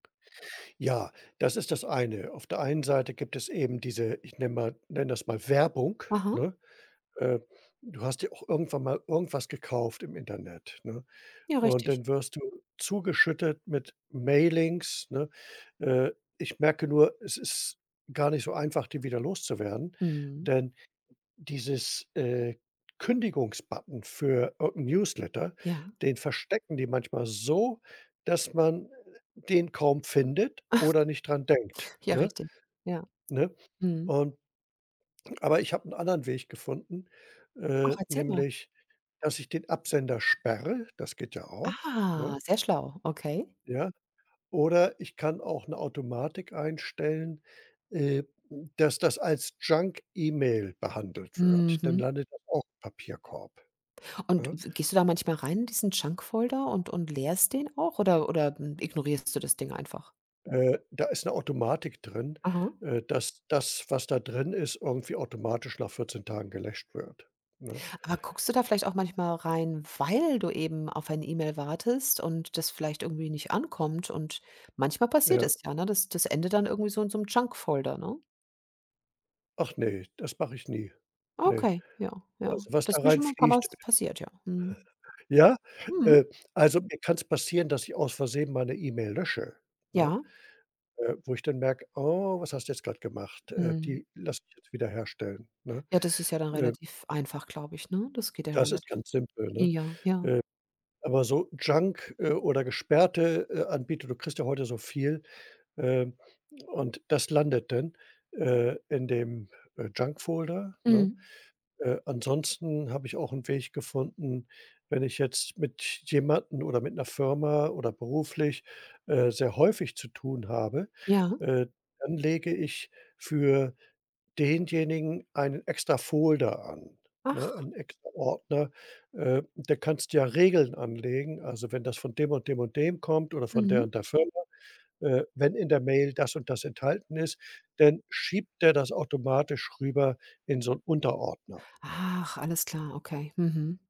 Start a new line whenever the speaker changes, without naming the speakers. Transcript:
Ja, das ist das eine. Auf der einen Seite gibt es eben diese, ich nenne mal nenne das mal Werbung,
Aha.
ne? Ähm. Du hast dir auch irgendwann mal irgendwas gekauft im Internet, ne?
Ja,
Und
richtig.
dann wirst du zugeschüttet mit Mailings, ne? Äh, ich merke nur, es ist gar nicht so einfach, die wieder loszuwerden,
Mhm.
denn dieses, äh, Kündigungsbutton für irgend 'n Newsletter,
Ja.
den verstecken die manchmal so, dass man den kaum findet oder nicht dran denkt,
Ja,
ne?
richtig. Ja.
Ne?
Mhm.
Und aber ich habe 'nen anderen Weg gefunden, äh,
Ach, erzähl mal.
nämlich, dass ich den Absender sperre, das geht ja auch, ne?
Ah, sehr schlau, okay.
Ja. Oder ich kann auch 'ne Automatik einstellen, ähm, dass das als Junk-E-Mail behandelt wird. Dann
Mhm.
landet das auch Papierkorb,
Und
ne?
w gehst du da manchmal rein in diesen Junk-Folder und und leerst den auch oder oder ignorierst du das Ding einfach?
Äh, da ist 'ne Automatik drin,
Aha.
äh, dass das, was da drin ist, irgendwie automatisch nach 14 Tagen gelöscht wird, ne?
Aber guckst du da vielleicht auch manchmal rein, weil du eben auf ein E-Mail wartest und das vielleicht irgendwie nicht ankommt und manchmal passiert
Ja.
es ja, ne? Das das endet dann irgendwie so in so 'nem Junk-Folder, ne?
Ach ne, das mach ich nie. Ne.
Okay, ja, ja.
Also, was
Das
da
ist mir schon mal paar Mal
reinfliegt
passiert, ja. Mhm.
ja?
Mmh.
Ähm, also, mir kann es passieren, dass ich aus Versehen mal 'ne E-Mail lösche, ne?
Ja.
Äh, wo ich dann merke: „Oh, was hast du jetzt grad gemacht? Äh,
Mhm.
die lass ich jetzt wiederherstellen“, ne,
Ja, das ist ja dann
ähm.
relativ einfach, glaube ich, ne? Das geht ja
Das ist
relativ
ganz simpel, ne?
ja, ja.
Ähm, aber so Junk, äh, oder gesperrte, äh, Anbieter, du kriegst ja heute so viel, ähm, und das landet dann, äh, in dem, äh, Junk-Folder, ne?
Mhm.
Äh, ansonsten habe ich auch 'n Weg gefunden, wenn ich jetzt mit jemandem oder mit 'ner Firma oder beruflich, äh, sehr häufig zu tun habe,
Ja.
äh, dann lege ich für denjenigen einen extra Folder an, ne,
Ach.
einen extra Ordner. Äh. Der kannst ja Regeln anlegen, also, wenn das von dem und dem und dem kommt oder von der
Mhm.
und der Firma, äh, wenn in der Mail das und das enthalten ist, dann schiebt der das automatisch rüber in so 'n Unterordner.
Ach, alles klar, okay, mhm.